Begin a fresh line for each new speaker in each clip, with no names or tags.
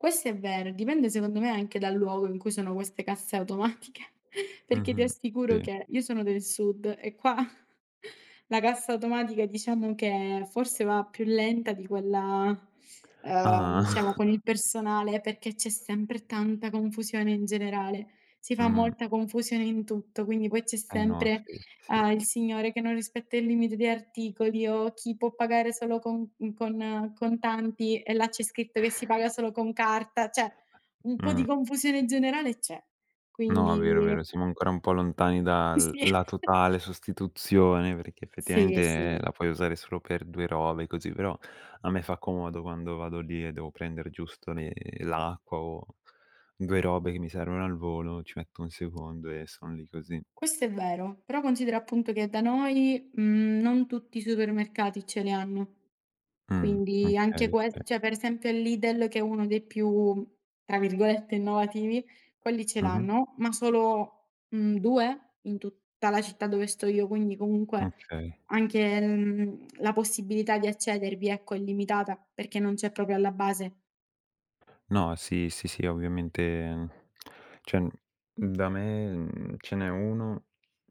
Questo è vero. Dipende secondo me anche dal luogo in cui sono queste casse automatiche perché ti
Mh-mh,
assicuro
sì.
che io sono del Sud e qua, la cassa automatica diciamo che forse va più lenta di quella, ehm,
Ah-ah.
diciamo con il personale perché, c'è sempre tanta confusione in generale. Si fa
Mh.
molta confusione in tutto, quindi poi c'è
Eh no,
sempre,
sì, sì.
uhm, il signore che non rispetta il limite di articoli o chi può pagare solo con uhm, con con contanti e là c'è scritto che si paga solo con carta. Cioè, un po'
Mh.
di confusione generale c'è,
No, vero,
quindi
vero, siamo ancora un po' lontani da
Sì,
l
sì.
la totale sostituzione perché
Sì,
effettivamente
sì.
la puoi usare solo per 2 robe così, però a me fa comodo quando vado lì e devo prendere giusto le l'acqua o 2 robe che mi servono al volo, ci metto 1 secondo e sono lì così.
Questo è vero, però considera appunto che da noi, mhmm, non tutti i supermercati ce le hanno.
Mh,
Quindi anche
okay,
ques
okay.
cioè per esempio il Lidl che è 1 dei più tra virgolette "innovativi", quelli ce
Mh-mh.
l'hanno, ma solo, mhmm, 2 in tutta la città dove sto io, quindi comunque
Okay.
anche, mhmm, la possibilità di accedervi ecco, è limitata perché non c'è proprio alla base.
No, sì, sì, sì ovviamente, cioè, n da me, mhmm, ce n'è 1,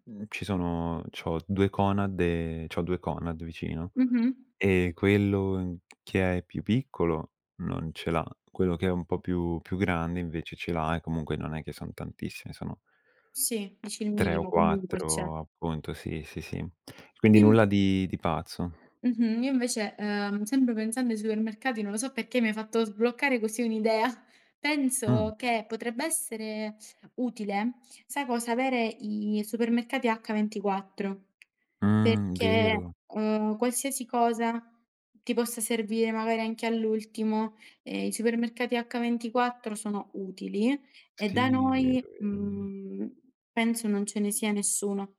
mhmm, ci sono c'ho 2 Conad ehm, c'ho 2 Conad vicino,
Mh-mh.
ehm, quello che è più piccolo non ce l'ha, quello che è un po' più più grande invece ce l'ha e comunque non è che son tantissime, sono
Sì, dici il
3 o
minimo comunque c'è.
4 appunto, sì, sì, sì. Quindi
Im
nulla di di pazzo.
Mh-mh io invece, ehm, sempre pensando ai supermercati, non lo so perché mi hai fatto sbloccare così un'idea. Penso
Mh.
che potrebbe essere utile, sai cosa, avere i supermercati H24.
Mh,
Perché,
vero.
uhm, qualsiasi cosa ti possa servire magari anche all'ultimo, ehm, i supermercati H24 sono utili e da
Sì,
noi,
vero, vero, è ver
mhmm, penso non ce ne sia nessuno.